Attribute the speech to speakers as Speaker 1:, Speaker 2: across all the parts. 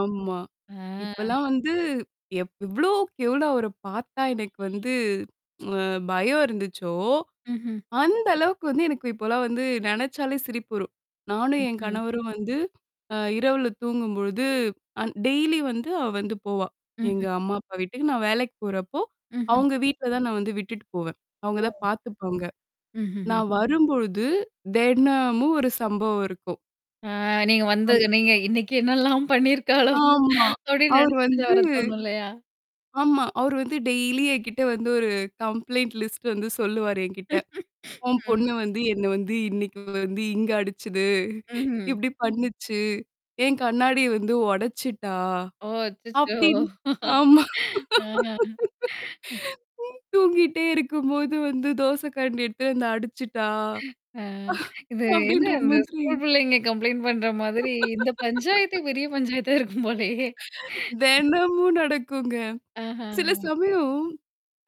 Speaker 1: ஆமா.
Speaker 2: ஆ.
Speaker 1: இப்பல்லாம் வந்து எப் எவ்ளோக்கு எவ்ளோ அவர பார்த்தா எனக்கு வந்து அ பயம் இருந்துச்சோ!
Speaker 2: ம்ஹ்ம்.
Speaker 1: அந்த அளவுக்கு வந்து எனக்கு இப்பலாம் வந்து நெனச்சாலே சிரிப்பு வரும். நானும், என்
Speaker 2: ம்ஹ்ம்.
Speaker 1: கணவரும் வந்து, அ இரவுல தூங்கும்பொழுது அ டெய்லி வந்து அவ வந்து போவா! எங்க
Speaker 2: ம்ஹ்ம்.
Speaker 1: அம்மா, அப்பா வீட்டுக்கு. நான் வேலைக்கு போறப்போ,
Speaker 2: ம்ஹ்ம்.
Speaker 1: அவுங்க வீட்ல தான் நான் வந்து விட்டுட்டு போவேன். அவுங்க
Speaker 2: ஓ!
Speaker 1: தான்
Speaker 2: ம்,
Speaker 1: பாார்த்துப்பாங்க.
Speaker 2: ம்ஹ்ம்.
Speaker 1: நான் வரும்பொழுது தெனமும் ஒரு சம்பவம் இருக்கும்.
Speaker 2: ஆ நீங்க வந்து
Speaker 1: [unintelligible]
Speaker 2: நீங்க "இன்னைக்கு என்னெல்லாம் பண்ணியிருக்காளோ?"
Speaker 1: ஆமா.
Speaker 2: அப்பிடின்னு
Speaker 1: அவர்
Speaker 2: நினச்சுட்டு தான்
Speaker 1: வந்து.
Speaker 2: வர தோணும் இல்லயா!
Speaker 1: ஆமா அவரு வந்து டெய்லி என்கிட்ட வந்து ஒரு கம்ப்ளைட் லிஸ்ட் வந்து சொல்லுவாரு என்கிட்ட. "உன்
Speaker 2: ம்.
Speaker 1: பொண்ணு வந்து என்ன வந்து இன்னக்கி வந்து இங்க அடிச்சது.
Speaker 2: ம்ஹ்ம்.
Speaker 1: இப்பிடி பண்ணுச்சு! என் கண்ணாடி வந்து உடைச்சுட்டா!"
Speaker 2: ஓ! அச்சச்சோ!
Speaker 1: அப்பிடின்னு. ஆமா
Speaker 2: ஆ.
Speaker 1: "தூங்கிட்டே இருக்கும்போது வந்து தோசை கரண்டி எடுத்துட்டு வந்து அடிச்சுட்டா!"
Speaker 2: அ இது என்ன
Speaker 1: அப்பிடின்ற
Speaker 2: அந்த
Speaker 1: மாதிரி.
Speaker 2: ஸ்கூல் பிள்ளைங்க கம்ப்ளைண்ட் பண்ற மாதிரி இந்த பஞ்சாயத்து பெரிய பஞ்சாயத்தா இருக்கும் போலயே!
Speaker 1: தெனமும் நடக்குங்க.
Speaker 2: ஆஹா!
Speaker 1: சில சமயம்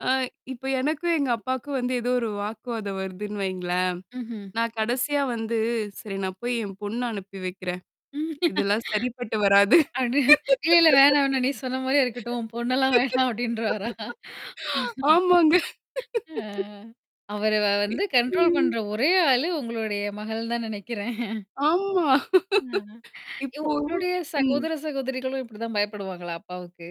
Speaker 1: ஆ இப்ப எனக்கும் எங்க அப்பாக்கும் வந்து ஏதோ ஒரு வாக்குவாதம் வருதுன்னு வைங்களேன்,
Speaker 2: ம்ஹ்ம்.
Speaker 1: நான் கடைசியா வந்து, "சரி நான் போய் என் பொண்ணு அனுப்பி வைக்கிறேன்.
Speaker 2: ம்
Speaker 1: இதெல்லாம் சரிப்பட்டு வராது."
Speaker 2: அடி "இல்ல இல்ல வேணா, வேணா நீ சொன்னமாரியே இருக்கட்டும். உம் பொண்ணெல்லாம் வேணாம்" அப்பிடின்றுவாரா?
Speaker 1: ஆமாங்க.
Speaker 2: ஆ அவர வ வந்து கண்ட்ரோல் பண்ற ஒரே ஆளு உங்களுடைய மகள் தான் நினைக்கிறேன்.
Speaker 1: ஆமா
Speaker 2: அ யோவ்
Speaker 1: இப்பவும்,
Speaker 2: உங்களுடைய
Speaker 1: ம்.
Speaker 2: சகோதர சகோதரிகளும் இப்பிடிதான் பயப்படுவாங்களா அப்பாவுக்கு?